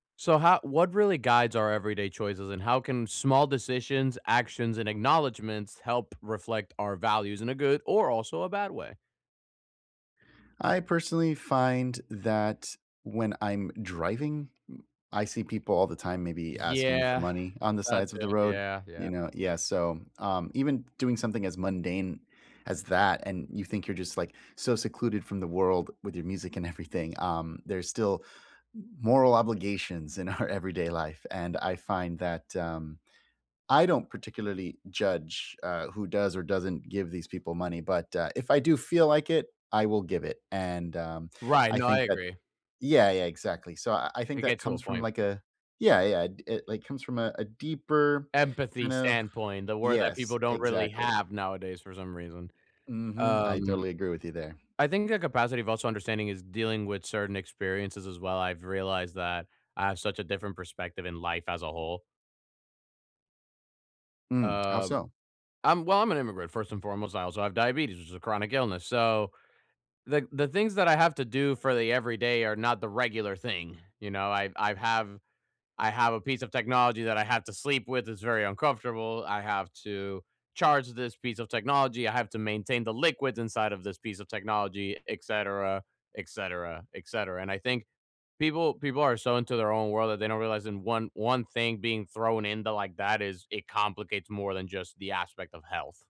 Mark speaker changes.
Speaker 1: So, how what really guides our everyday choices, and how can small decisions, actions, and acknowledgments help reflect our values in a good or, also, a bad way?
Speaker 2: I personally find that when I'm driving, m I see people all the time maybe asking for
Speaker 1: Yeah.
Speaker 2: money on the
Speaker 1: That
Speaker 2: sides
Speaker 1: too
Speaker 2: of the road,
Speaker 1: yeah,
Speaker 2: you
Speaker 1: yeah.
Speaker 2: know? Yeah, so, um, even doing something as mundane as that and you think you're just, like, so secluded from the world with your music and everything um, there's still m moral obligations in our everyday life, and I find that, um, I don't particularly judge, uh, who does or doesn't give these people money, but, uh, if I do feel like it, I will give it, and, um,
Speaker 1: Right,
Speaker 2: I
Speaker 1: no I
Speaker 2: think that
Speaker 1: agree.
Speaker 2: Yeah, yeah, exactly. So I I think
Speaker 1: It
Speaker 2: that
Speaker 1: gets to a
Speaker 2: comes from,
Speaker 1: point.
Speaker 2: like, a Yeah, yeah, it, like, comes from a deeper
Speaker 1: Empathy
Speaker 2: kind of
Speaker 1: standpoint, the word that
Speaker 2: Yes,
Speaker 1: people don't really
Speaker 2: exactly.
Speaker 1: have nowadays for some reason.
Speaker 2: Mhm, I
Speaker 1: Um,
Speaker 2: totally agree with you there.
Speaker 1: I think the capacity of also understanding is dealing with certain experiences as well, I've realized that I have such a different perspective in life as a whole.
Speaker 2: Hmm, how
Speaker 1: Um
Speaker 2: so?
Speaker 1: I'm well, I'm an immigrant first and foremost, I also have diabetes, which is a chronic illness, so the the things that I have to do for the everyday are not the regular thing, you know? I I have I have a piece of technology that I have to sleep with, it's very uncomfortable, I have to charge this piece of technology, I have to maintain the liquids inside of this piece of technology, etcetera, etcetera, etcetera, and I think people people are so into their own world that they don't realize in one one thing being thrown into like that is it complicates more than just the aspect of health.